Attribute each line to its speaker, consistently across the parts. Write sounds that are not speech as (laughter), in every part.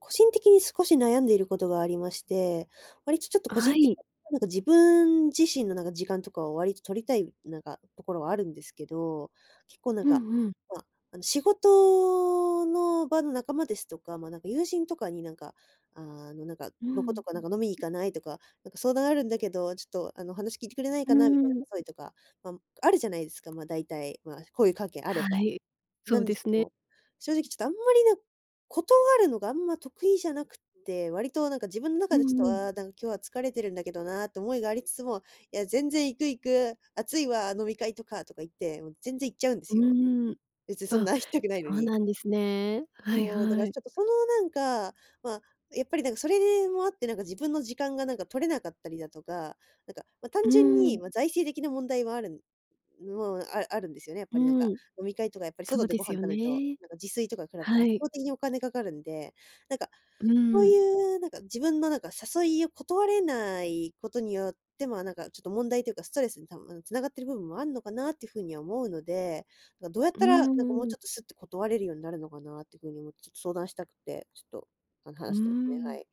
Speaker 1: 個人的に少し悩んでいることがありまして、割とちょっと個
Speaker 2: は
Speaker 1: 人的に
Speaker 2: い。
Speaker 1: なんか自分自身のなんか時間とかを割と取りたい、なんか、ところはあるんですけど、結構なん
Speaker 2: うん
Speaker 1: か、
Speaker 2: うん。
Speaker 1: まあ、あの、仕事の場の仲間ですとか、まあなんか友人とかになんか、ああなんか、
Speaker 2: う
Speaker 1: どこ
Speaker 2: ん。
Speaker 1: どこなんか飲みに行かないとか、なんか相談あるんだけど、ちょっとあの、話聞いてくれない
Speaker 2: う
Speaker 1: かなみたいな
Speaker 2: ん。
Speaker 1: 誘いとか、まああるじゃないですか、まあだいたい、まあ交友関係あれ
Speaker 2: は
Speaker 1: ば。
Speaker 2: い、そ
Speaker 1: な
Speaker 2: う
Speaker 1: んで
Speaker 2: で
Speaker 1: すけ
Speaker 2: すね。
Speaker 1: ど、正直ちょっとあんまりなん断るのがあんま得意じゃなくって、割となんか自分の
Speaker 2: う
Speaker 1: 中でち
Speaker 2: ん
Speaker 1: ょっ
Speaker 2: う
Speaker 1: と、
Speaker 2: ん。
Speaker 1: ああ、なんか今日は疲れてるんだけどなって思いがありつつも、いや全然行く行く、熱いわ、飲み会とか、とか言って、もう全然行っちゃうんで
Speaker 2: う
Speaker 1: すよ。
Speaker 2: ん。
Speaker 1: 別に、そん
Speaker 2: あ、
Speaker 1: な行きたくないの
Speaker 2: そう
Speaker 1: に。
Speaker 2: なんですね。はい
Speaker 1: そう、だか
Speaker 2: は
Speaker 1: ら
Speaker 2: い。
Speaker 1: ちょっとその、なんか、まあ、やっぱりなんかそれでもあってなんか自分の時間がなんか取れなかったりだとか、なんか、ま、
Speaker 2: う
Speaker 1: 単純
Speaker 2: ん。
Speaker 1: に、ま、財政的な問題もあるんもう、ああるんですよね、やっぱりなんか、
Speaker 2: うん。
Speaker 1: 飲み会とかやっぱり
Speaker 2: そ
Speaker 1: 外
Speaker 2: う
Speaker 1: で
Speaker 2: で
Speaker 1: ご
Speaker 2: す
Speaker 1: 飯
Speaker 2: よ
Speaker 1: 食べると、
Speaker 2: ね。
Speaker 1: なんか自炊とか比べて
Speaker 2: は
Speaker 1: 圧
Speaker 2: い。
Speaker 1: 倒的にお金かかるんで、なんか、
Speaker 2: う
Speaker 1: こう
Speaker 2: ん。
Speaker 1: いうなんか、自分のなんか誘いを断れないことによって、まあなんかちょっと問題というか、ストレスに多分、あのうん、繋がってる部分もあんのかなっていう風には思うので、かどうやっ
Speaker 2: う
Speaker 1: たらなんかもうち
Speaker 2: ん。
Speaker 1: ょっとすって断れるようになるのかなっていう風に思って、ちょっと相談したくて、ちょっとあの
Speaker 2: う
Speaker 1: 話してますね、は
Speaker 2: ん。
Speaker 1: い。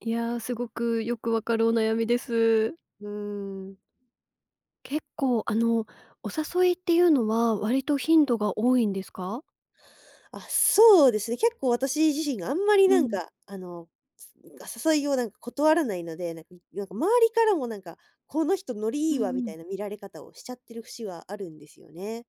Speaker 2: いや、すごくよくわかるお悩みです。
Speaker 1: うーん。
Speaker 2: 結構あの、お誘いっていうのは割と頻度が多いんですか？
Speaker 1: あ、そうですね。結構私自身があんまり
Speaker 2: う
Speaker 1: なん
Speaker 2: ん。
Speaker 1: か、あの、つんか、誘いをなんか断らないので、なんか、ん、よく周りからもなんか、この人ノリ
Speaker 2: う
Speaker 1: い
Speaker 2: ん
Speaker 1: いわ、み
Speaker 2: う
Speaker 1: た
Speaker 2: ん。
Speaker 1: いな見られ方をしちゃってる節はあるんですよね。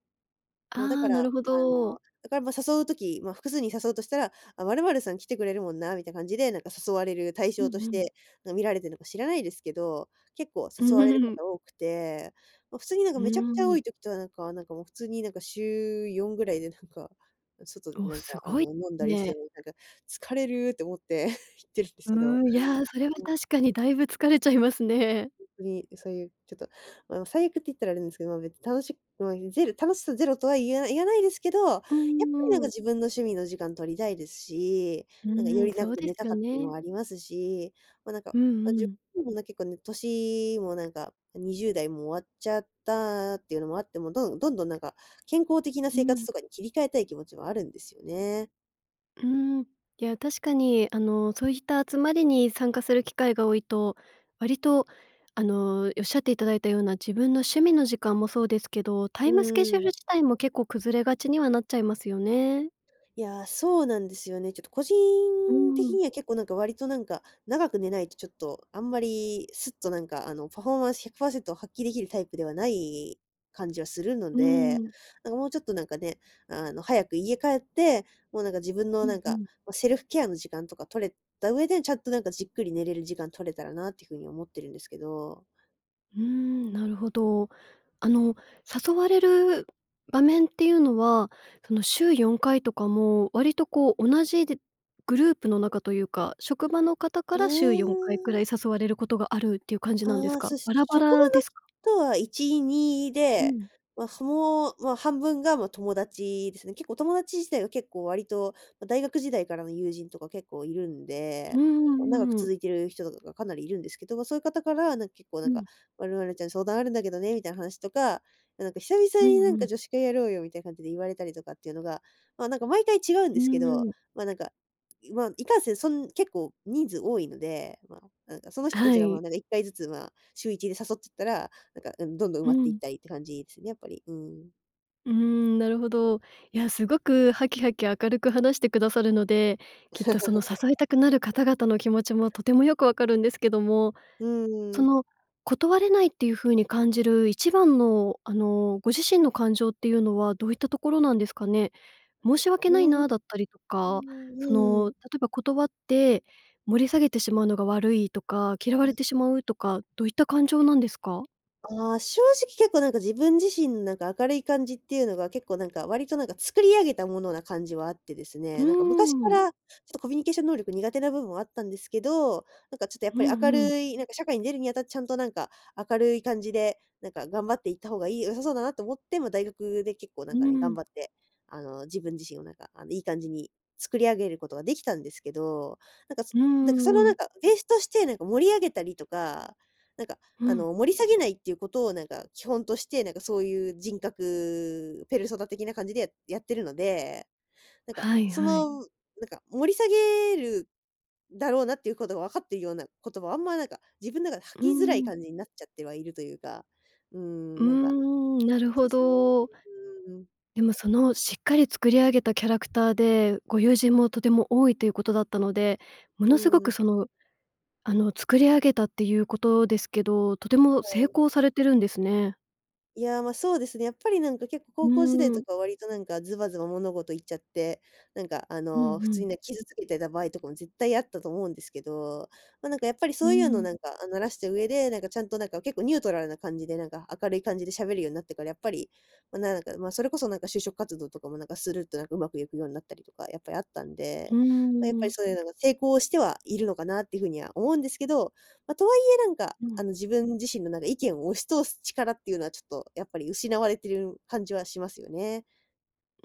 Speaker 1: もうだ
Speaker 2: あ
Speaker 1: か
Speaker 2: あ、
Speaker 1: ら、
Speaker 2: なるほ
Speaker 1: あ
Speaker 2: ど。
Speaker 1: の、だから、ま、誘う時、ま、複数人誘うとしたら、あ、まるまるさん来てくれるもんなみたいな感じで、なんか誘われる対
Speaker 2: う
Speaker 1: 象と
Speaker 2: ん
Speaker 1: し
Speaker 2: うん。
Speaker 1: て、なん、見られてるのか知らないですけど、結構
Speaker 2: う
Speaker 1: 誘われるこ
Speaker 2: ん。
Speaker 1: と多くて、ま、普通になんか
Speaker 2: う
Speaker 1: めちゃくちゃ多
Speaker 2: ん。
Speaker 1: い時とかはなんか、なんかもう普通になんか週4ぐらいでなんか、外で
Speaker 2: おお、
Speaker 1: なんか
Speaker 2: す
Speaker 1: あ
Speaker 2: ごい、
Speaker 1: の飲んだりして
Speaker 2: ね。
Speaker 1: もう、なんか疲れるって思って (chuckles) 行ってるんです
Speaker 2: う
Speaker 1: けど。
Speaker 2: ーん、いや、それは
Speaker 1: うん。
Speaker 2: 確かにだいぶ疲れちゃいますね。
Speaker 1: ほんとに、ん、そういう、ちょっと、ま、あの、最悪って言ったらあれなんですけど、ま、別に楽しく、まあいう、ゼロ楽しさゼロとは言えない言えないですけど、やっぱ
Speaker 2: う
Speaker 1: りなん
Speaker 2: ー
Speaker 1: か
Speaker 2: ん。
Speaker 1: 自分の趣味の時間取りたいですし、
Speaker 2: う
Speaker 1: なんかよ
Speaker 2: ん、
Speaker 1: り
Speaker 2: そ
Speaker 1: 長
Speaker 2: う
Speaker 1: く
Speaker 2: で
Speaker 1: 寝
Speaker 2: す
Speaker 1: た
Speaker 2: よ
Speaker 1: かったり
Speaker 2: ね。
Speaker 1: もありますし、ま、なんか、
Speaker 2: う
Speaker 1: ま、
Speaker 2: んう
Speaker 1: 自
Speaker 2: ん。
Speaker 1: 分もな結構ね、年もなんか、ん、20代も終わっちゃったっていうのもあって、もうどんどんどんなんか、健康的な
Speaker 2: う
Speaker 1: 生活
Speaker 2: ん。
Speaker 1: とかに切り替えたい気持ちはあるんですよね。
Speaker 2: うん、いや、確かにあの、そういった集まりに参加する機会が多いと、割とあの、おっしゃっていただいたような自分の趣味の時間もそうですけど、タ
Speaker 1: う
Speaker 2: イムスケジュール
Speaker 1: ん。
Speaker 2: 自体も結構崩れがちにはなっちゃいますよね。
Speaker 1: いや、そうなんですよね、ちょっと個人
Speaker 2: う
Speaker 1: 的
Speaker 2: ん。
Speaker 1: には結構なんか割となんか、長く寝ないとちょっと、あんまりすっとなんか、あの、パフォーマンス100%発揮できるタイプではない感じはするの
Speaker 2: う
Speaker 1: で、
Speaker 2: ん。
Speaker 1: なんかもうちょっとなんかね、あの、早く家帰って、もうなんか自分の
Speaker 2: う
Speaker 1: な
Speaker 2: ん
Speaker 1: ん
Speaker 2: う
Speaker 1: か、
Speaker 2: ん。
Speaker 1: ま、セルフケアの時間とか取れた上で、ちゃんとなんかじっくり寝れる時間取れたらなっていうふうに思ってるんですけど。
Speaker 2: うん、なるほど。あの、誘われる場面っていうのは、その週4回とかも割とこう同じでグループの中というか、職場の方か
Speaker 1: あ
Speaker 2: ら週4回くらい
Speaker 1: あ。
Speaker 2: 誘われることがあるっていう感じなんです
Speaker 1: あ、
Speaker 2: か？
Speaker 1: そう、し
Speaker 2: バ
Speaker 1: ょ
Speaker 2: ラバ
Speaker 1: 職場の
Speaker 2: ラですか？
Speaker 1: 人は1、2
Speaker 2: う
Speaker 1: で、
Speaker 2: ん。
Speaker 1: ま、その、ま、半分がま、友達ですね。結構友達自体は結構割と、ま、大学時代からの友人とか結構いるん
Speaker 2: う
Speaker 1: で。
Speaker 2: んう
Speaker 1: ま、長く
Speaker 2: んうん。
Speaker 1: 続いてる人とかかなりいるんですけど。ま、そういう方からなんか結構な
Speaker 2: う
Speaker 1: んか、
Speaker 2: ん。
Speaker 1: まるまるちゃん相談あるんだけどね、みたいな話とか、ま、なんか久々
Speaker 2: うん
Speaker 1: にな
Speaker 2: う
Speaker 1: んか
Speaker 2: ん。
Speaker 1: 女子会やろうよみたいな感じで言われたりとかっていうのが、まあなんか毎回違うん
Speaker 2: う
Speaker 1: で
Speaker 2: ー
Speaker 1: すけど。
Speaker 2: ん。
Speaker 1: まあなんか、ま、いかんせん、そん結構人数多いので、ま、なんかその
Speaker 2: あ、
Speaker 1: 人た
Speaker 2: は
Speaker 1: ちがまあ
Speaker 2: い。
Speaker 1: なんか1回ずつまあ、週1で誘ってったら、なんか、うん、どんどん埋
Speaker 2: う
Speaker 1: まっていっ
Speaker 2: ん。
Speaker 1: たりっていう感じですね、やっぱり。うん。
Speaker 2: うーん、なるほど。いや、すごくハキハキ明るく話してくださるので、きっと、その、
Speaker 1: (laughs)
Speaker 2: 誘いたくなる方々の気持ちもとてもよくわかるんですけども、
Speaker 1: うー
Speaker 2: そ
Speaker 1: ん。
Speaker 2: の、断れないっていう風に感じる1番の、あの、ご自身の感情っていうのはどういったところなんですかね？申し訳
Speaker 1: うー
Speaker 2: ない
Speaker 1: ん。
Speaker 2: なだったりと
Speaker 1: う
Speaker 2: か、
Speaker 1: ん、
Speaker 2: そ
Speaker 1: うー
Speaker 2: の、例
Speaker 1: ん。
Speaker 2: えば断って盛り下げてしまうのが悪いとか、嫌われ
Speaker 1: はい。
Speaker 2: てしまうとか、どういった感情なんですか？
Speaker 1: ああ、正直、結構、なんか、自分自身、なんか、明るい感じっていうのが、結構、なんか、割と、なんか、作り上げたものな感じはあってです
Speaker 2: う
Speaker 1: ね、なんか、昔か
Speaker 2: ーん。
Speaker 1: ら、ちょっと、コミュニケーション能力苦手な部分はあったんですけど、なんか、ちょっと、やっ
Speaker 2: う
Speaker 1: ぱ
Speaker 2: ん
Speaker 1: り
Speaker 2: う
Speaker 1: 明
Speaker 2: ん。
Speaker 1: るい、なんか、社会に出るにあたってちゃんと、なんか、明るい感じで、なんか、頑張っていった方がいい良さそうだなと思って、ま、大学で結構、
Speaker 2: う
Speaker 1: なんか、ね、
Speaker 2: ー
Speaker 1: 頑
Speaker 2: ん。
Speaker 1: 張って、あの、自分自身を、なんか、あの、いい感じに作り上げることができたんですけど、なんか、す
Speaker 2: う
Speaker 1: なんか、その、
Speaker 2: ー
Speaker 1: なん
Speaker 2: ん。
Speaker 1: か、ベースとして、なんか、盛り上げたりとか、なんか、
Speaker 2: う
Speaker 1: あ
Speaker 2: ん。
Speaker 1: の、盛り下げないっていうことを、なんか、基本として、なんか、そういう人格ペルソナ的な感じでややってるので、なんか、
Speaker 2: はい
Speaker 1: そ
Speaker 2: はい。
Speaker 1: の、なんか、盛り下げるだろうなっていうことが分かっているような言葉はあんま、なんか、自分の中で
Speaker 2: うー
Speaker 1: 吐きづらい
Speaker 2: ん。
Speaker 1: 感じになっちゃってはいるというか、うー
Speaker 2: うー
Speaker 1: ん、なんか、
Speaker 2: ん、(tsk) なる
Speaker 1: そ
Speaker 2: ほ
Speaker 1: うっすね。
Speaker 2: ど。
Speaker 1: うーん。
Speaker 2: でも、その、しっかり作り上げたキャラクターで、ご友人もとても多いということだったので、も
Speaker 1: う
Speaker 2: のすご
Speaker 1: ー
Speaker 2: く、
Speaker 1: ん。
Speaker 2: その、あの、作り上げたっていうことですけど、とても
Speaker 1: は
Speaker 2: 成
Speaker 1: い。
Speaker 2: 功されてるんですね。
Speaker 1: いや、ま、そうですね、やっぱりなんか、結構
Speaker 2: う
Speaker 1: 高校時代
Speaker 2: ー
Speaker 1: と
Speaker 2: ん。
Speaker 1: かは、割となんか、ズバズバ物事言っちゃって、なんか、あ
Speaker 2: うんう
Speaker 1: の、普通
Speaker 2: ん。
Speaker 1: にね、傷つけてた場合とかも絶対あったと思うんですけど、ま、なんか、やっぱり、
Speaker 2: う
Speaker 1: そういうの、
Speaker 2: ん。
Speaker 1: なんか、あ、慣らした上で、なんか、ちゃんと、なんか、結構ニュートラルな感じで、なんか、明るい感じでしゃべるようになってから、やっぱり、ま、なんだか、ま、それこそなんか就職活動とかも、なんか、するっと、なんか、うまくいくようになったりとか、やっぱりあったん
Speaker 2: うー
Speaker 1: で。ま、やっぱり
Speaker 2: ん。
Speaker 1: そういうのが成功してはいるのかなっていうふうには思うんですけど、ま、とはいえ、なんか、
Speaker 2: うん。
Speaker 1: あの、自分自身の、なんか、意見を押し通す力っていうのはちょっとやっぱり失われてる感じはしますよね。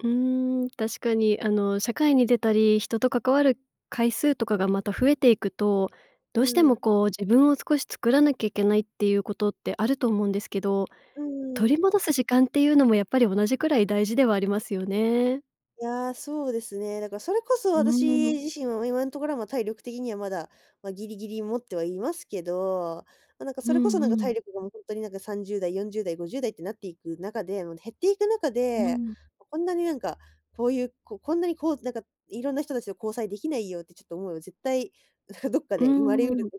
Speaker 2: うーん、確かに、あの、社会に出たり人と関わる回数とかがまた増えていくと、
Speaker 1: う
Speaker 2: どうして
Speaker 1: ー
Speaker 2: も
Speaker 1: ん。
Speaker 2: こう、自分を少し作らなきゃいけないっていうことってあると思うんですけど、
Speaker 1: うー
Speaker 2: 取
Speaker 1: ん。
Speaker 2: り戻す時間っていうのもやっぱり同じくらい大事ではありますよね。
Speaker 1: いや、そうですね。だから、それこそ
Speaker 2: うー
Speaker 1: 私
Speaker 2: ん。
Speaker 1: 自身は今のところは、ま、体力的にはまだ、ま、ギリギリ持ってはいますけどま、なんか、
Speaker 2: う
Speaker 1: それこそ、
Speaker 2: ん
Speaker 1: なんか、
Speaker 2: うん。
Speaker 1: 体力がもうほんとに、なんか、30代40代50代ってなっていく中で、もう減っていく中
Speaker 2: う
Speaker 1: で、
Speaker 2: ん。
Speaker 1: こんなに、なんか、こういう、ここんなにこう、なんか、いろんな人たちと交際できないよってちょっと思いは絶対、どっか
Speaker 2: う
Speaker 1: で生まれう
Speaker 2: んう
Speaker 1: る
Speaker 2: ん。
Speaker 1: こ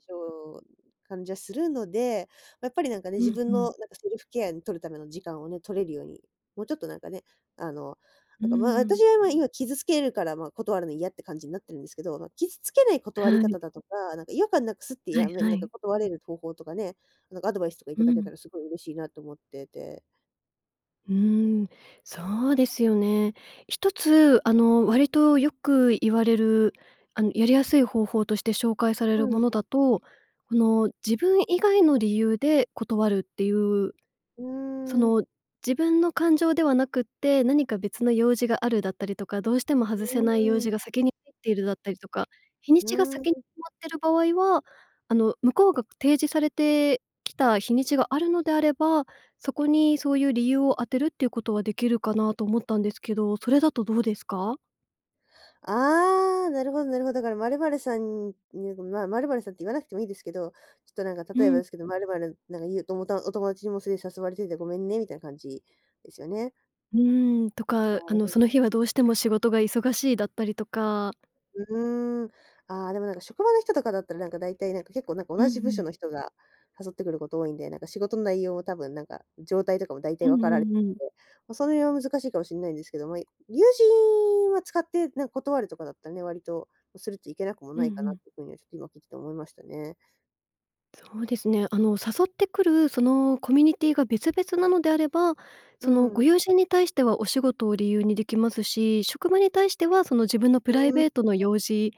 Speaker 1: と感じはするので、やっぱりなんかね、
Speaker 2: う
Speaker 1: 自
Speaker 2: ん、ふ
Speaker 1: 分の
Speaker 2: ん。
Speaker 1: なんか、セルフケアに取るための時間をね、取れるように、もうちょっとなんかね、あの、
Speaker 2: うー
Speaker 1: なんか、ま、私
Speaker 2: ん。
Speaker 1: は、ま、今傷つけるから、ま、断るの嫌って感じになってるんですけど、ま、傷つけない断
Speaker 2: は
Speaker 1: り
Speaker 2: い。
Speaker 1: 方だとか、なんか、違和感なくすって
Speaker 2: はい
Speaker 1: やめ
Speaker 2: は
Speaker 1: なんか
Speaker 2: い。
Speaker 1: 断れる方法とかね、なんかアドバイスとか
Speaker 2: う
Speaker 1: 頂け
Speaker 2: ん。
Speaker 1: たらすごい嬉しいなと思ってて。
Speaker 2: うーん、そうですよね。一つあの、割とよく言われる、あの、やりやすい方法として紹介され
Speaker 1: う
Speaker 2: るも
Speaker 1: ん。
Speaker 2: のだと、この、自分以外の理由で断るっていう
Speaker 1: う
Speaker 2: そ
Speaker 1: ーん。
Speaker 2: の、自分の感情ではなくって何か別の用事があるだったりとか、どうしても
Speaker 1: う
Speaker 2: 外せない用
Speaker 1: ー
Speaker 2: 事
Speaker 1: ん。
Speaker 2: が先に入っているだったりとか、日に
Speaker 1: う
Speaker 2: ちが
Speaker 1: ー
Speaker 2: 先に
Speaker 1: ん。
Speaker 2: 決まってる場合は、あの、向こうが提示されてきた日にちがあるのであれば、そこにそういう理由を当てるっていうことはできるかなと思ったんですけど、それだとどうですか？
Speaker 1: ああ、なるほどなるほど。だから、まるまるさんに (unintelligible) まあ、まるまるさんって言わなくてもいいですけど、ちょっとなんか
Speaker 2: う
Speaker 1: 例えば
Speaker 2: ん。
Speaker 1: ですけど、「まるまる、なんか言うと思ったん、お友達にもそれ誘われててごめんね」みたいな感じですよね。
Speaker 2: うーん、と
Speaker 1: な
Speaker 2: か、あ
Speaker 1: る
Speaker 2: の、
Speaker 1: ほ
Speaker 2: その日はどうしても仕事が忙しいだったりとか。
Speaker 1: うーん。ああ、でもなんか、職場の人とかだったらなんか、大体なんか結構なんか、
Speaker 2: うん
Speaker 1: 同じ部
Speaker 2: う
Speaker 1: 署
Speaker 2: ん。
Speaker 1: の人が誘ってくること多いんで、なんか仕事の内容を多分なんか、状態とかも大
Speaker 2: う
Speaker 1: 体分わ
Speaker 2: ん
Speaker 1: から
Speaker 2: う
Speaker 1: れて
Speaker 2: んうん。
Speaker 1: て、ま、その辺は難しいかもしんないんですけども、友人は、使って、なんか断るとかだったらね、割とスルッといけなくも
Speaker 2: う
Speaker 1: な
Speaker 2: んう
Speaker 1: いかなっ
Speaker 2: ん。
Speaker 1: て風にはちょっと今聞いてて思いましたね。
Speaker 2: そうですね、あの、誘ってくる、そのコミュニティが別々なのであれば、
Speaker 1: う
Speaker 2: そのご
Speaker 1: ん。
Speaker 2: 友人に対してはお仕事を理由にできますし、職場に対しては、その自分のプライ
Speaker 1: うん。
Speaker 2: ベートの用事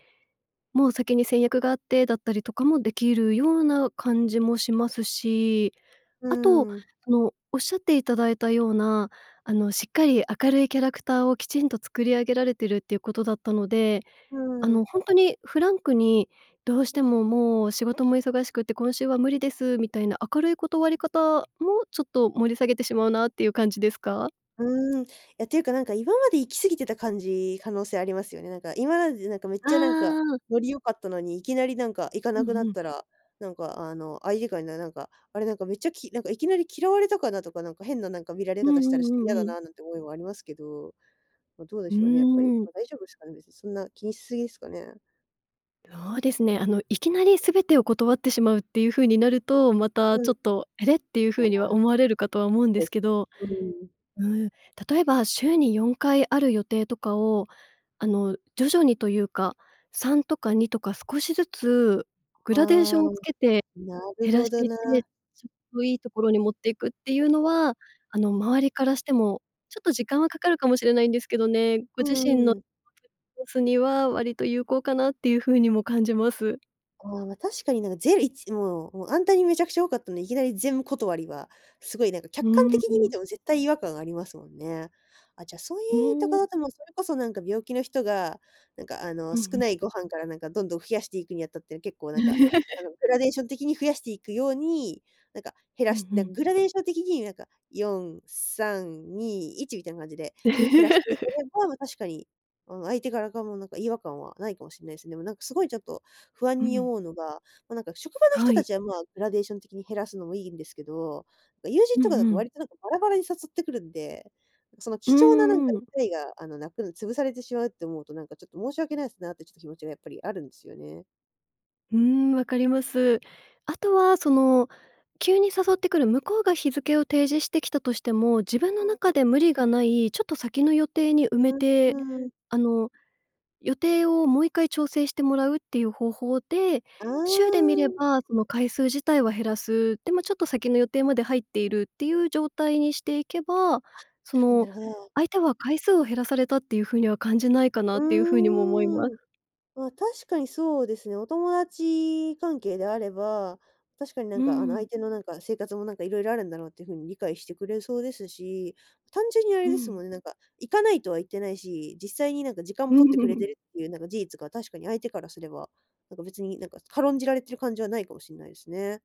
Speaker 2: も先に先約があって、だったりとかもできるような感じもしますし、
Speaker 1: う
Speaker 2: あと、
Speaker 1: ん。
Speaker 2: その、おっしゃっていただいたような、あの、しっかり明るいキャラクターをきちんと作り上げられているっていうことだったので、
Speaker 1: う
Speaker 2: あの、
Speaker 1: ん。
Speaker 2: ほんとにフランクに、どうしてももう、仕事も忙しくて今週は無理です、みたいな明るい断り方もちょっと盛り下げてしまうなっていう感じですか？
Speaker 1: うーん。いや、ていうか何か今まで行き過ぎてた感じ、可能性ありますよね。なんか今までなんかめっちゃなんか、
Speaker 2: ああ。
Speaker 1: ノリ良かったのに、いきなり何か行か
Speaker 2: う
Speaker 1: なくな
Speaker 2: んう
Speaker 1: っ
Speaker 2: ん。
Speaker 1: たら、なんかあの、相手から、ななんか、あれなんかめっちゃきなんかいきなり嫌われたかなとか、なんか変ななんか見られ
Speaker 2: うん
Speaker 1: 方し
Speaker 2: う
Speaker 1: た
Speaker 2: ん
Speaker 1: らちょっと
Speaker 2: う
Speaker 1: 嫌
Speaker 2: ん
Speaker 1: だ
Speaker 2: うん。
Speaker 1: な、なんて思いはありますけど、ま、どうで
Speaker 2: う
Speaker 1: しょうね？やっぱり。
Speaker 2: ーん。
Speaker 1: ま、大丈夫ですかね？別にそんな気にし過ぎですかね？
Speaker 2: そうですね、あの、いきなり全てを断ってしまうっていう風になると、また、
Speaker 1: うん。
Speaker 2: ちょっと、あれ？ていう
Speaker 1: あ
Speaker 2: 風には
Speaker 1: あ。
Speaker 2: 思われるかとは思
Speaker 1: そ
Speaker 2: うんで
Speaker 1: うで
Speaker 2: す
Speaker 1: す
Speaker 2: け
Speaker 1: ね。
Speaker 2: ど。
Speaker 1: うん。
Speaker 2: うん、例えば週に4回ある予定とかを、あの、徐々にというか、3とか2とか少しずつグラデーシ
Speaker 1: あ
Speaker 2: ョ
Speaker 1: あ、
Speaker 2: ンをつけて、
Speaker 1: なる
Speaker 2: 減ら
Speaker 1: ほ
Speaker 2: して
Speaker 1: ど
Speaker 2: いっ
Speaker 1: な。
Speaker 2: て、ちょっといいところに持っていくっていうのは、あの、周りからしても、ちょっと時間はかかるかもしれないんですけどね、ご
Speaker 1: う
Speaker 2: 自身
Speaker 1: ん
Speaker 2: の、
Speaker 1: うん。
Speaker 2: (unintelligible) ボスには割と有効かなっていう風にも感じます。
Speaker 1: ああ、ま、確かになんか、ぜるいちんもうもう、あんなにめちゃくちゃ多かったので、いきなり全断りは、すごいなんか
Speaker 2: う
Speaker 1: 客観
Speaker 2: ー
Speaker 1: 的に見
Speaker 2: ん。
Speaker 1: ても絶対違和感ありますもんね。あ、じゃあ、そうい
Speaker 2: う
Speaker 1: いた
Speaker 2: ーん。
Speaker 1: かだともうそれこそなんか病気の人が、なんかあの、
Speaker 2: うんう
Speaker 1: 少
Speaker 2: ん。
Speaker 1: ないご飯からなんかどんどん増やしていくにあたって、結構なんか、あ
Speaker 2: (laughs)
Speaker 1: の、グラデーション的に増やしていくように、なんか、減
Speaker 2: う
Speaker 1: ら
Speaker 2: ん
Speaker 1: し
Speaker 2: う
Speaker 1: なん
Speaker 2: ん。
Speaker 1: かグラデーション的になんか4321みたいな感じで減らしていければ、ま、確かに、あの、相手側からかもなんか違和感はないかもしんないですね。でもなんかすごいちょっと不安
Speaker 2: う
Speaker 1: に
Speaker 2: ん。
Speaker 1: 思うのが、ま、なんか職場の
Speaker 2: は
Speaker 1: 人た
Speaker 2: い。
Speaker 1: ちは、まあ、グラデーション的に減らすのもいいんですけど、なんか、友人
Speaker 2: う
Speaker 1: とか
Speaker 2: ん
Speaker 1: だ
Speaker 2: う
Speaker 1: と
Speaker 2: ん。
Speaker 1: 割となんかバラバラに誘ってくるんで、その
Speaker 2: う
Speaker 1: 貴重ななんか
Speaker 2: ー
Speaker 1: 機
Speaker 2: ん。
Speaker 1: 会が、あの、なくん潰されてしまうって思うと、なんかちょっと申し訳ないですなってちょっと気持ちがやっぱりあるんですよね。
Speaker 2: うーん、わかります。あとは、その、急に誘ってくる、向こうが日付を提示してきたとしても、自分の
Speaker 1: そうで
Speaker 2: 中
Speaker 1: す。
Speaker 2: で無理がない、ちょっと先の予定に埋め
Speaker 1: う
Speaker 2: て、
Speaker 1: ん、うーん。
Speaker 2: あの、予定を、もう1回調整してもらうっていう方法で、
Speaker 1: あ
Speaker 2: 週で見れ
Speaker 1: あ。
Speaker 2: ばその回数自体は減らす、でも、ちょっと先の予定まで入っているっていう状態にしていけば、
Speaker 1: あっ、
Speaker 2: そ
Speaker 1: そんな
Speaker 2: の
Speaker 1: るほど。
Speaker 2: 相手は回数を減らされたっていう風には感じないかな
Speaker 1: う
Speaker 2: っていう風にも思いま
Speaker 1: ーん。
Speaker 2: す。
Speaker 1: ま、確かにそうですよ。お友達関係であれば、確かに、
Speaker 2: う
Speaker 1: なん
Speaker 2: ー
Speaker 1: か、あの、
Speaker 2: ん。
Speaker 1: 相手の、なんか、生活も、なんか、色々あるんだろうっていう風に理解してくれそうですし、単純にあ
Speaker 2: う
Speaker 1: れです
Speaker 2: ん。
Speaker 1: もんね、なんか、行かないとは言ってないし、実際に、なんか、時間も取ってくれて
Speaker 2: (laughs)
Speaker 1: るっていう、なんか、事実が確かに相手からすれば、なんか、別に、なんか、軽んじられてる感じはないかもしんないですね。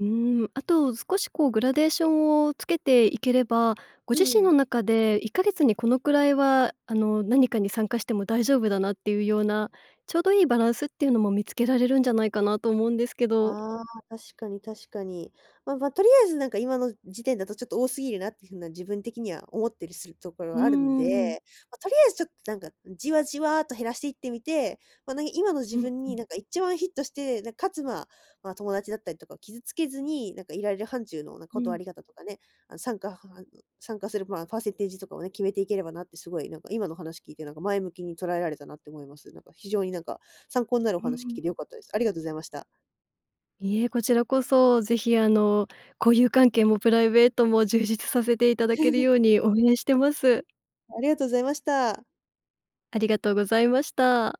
Speaker 2: うーん、あと、少し、こう、グラデーションをつけていければ、ご
Speaker 1: う
Speaker 2: 自
Speaker 1: ん
Speaker 2: 身
Speaker 1: う
Speaker 2: の
Speaker 1: ん。
Speaker 2: 中で1か月にこのくらいは、あの、何かに参加しても大丈夫だな、っていうような、ちょうどいいバランスっていうのも見つけられるんじゃないかなと思うんですけど。(clicks tongue)
Speaker 1: ああ、確かに確かに。まま、とりあえず、なんか、今の時点だと、ちょっと、多すぎるなっていう風な、自分的には思ってりするところ
Speaker 2: うー
Speaker 1: があるん
Speaker 2: ん。
Speaker 1: で。ま、とりあえず、ちょっと、なんか、じわじわと減らしていってみて、まなに今の自
Speaker 2: うん
Speaker 1: 分
Speaker 2: う
Speaker 1: に、
Speaker 2: ん。
Speaker 1: なんか、1番ヒットして、なん、かつ、まま、友達だったりとかを傷つけずに、なんか、いられる範疇の、なんか、
Speaker 2: う
Speaker 1: 断
Speaker 2: ん。
Speaker 1: り方とかね、あの、参加は参加する、ま、パーセンテージとかをね、決めていければなって、すごい、なんか、今の話聞いて、なんか、前向きに捉えられたなって思います。なんか、非常に、なんか、参考になるお
Speaker 2: うー
Speaker 1: 話聞
Speaker 2: ん。
Speaker 1: けて良かったです。ありがとうございました。
Speaker 2: いいえ、こちらこそ、ぜひ、あの、交友関係もプライベートも、充実させていただける
Speaker 1: (laughs)
Speaker 2: ように応援してます。(clicks tongue)
Speaker 1: ありがとうございました。
Speaker 2: ありがとうございました。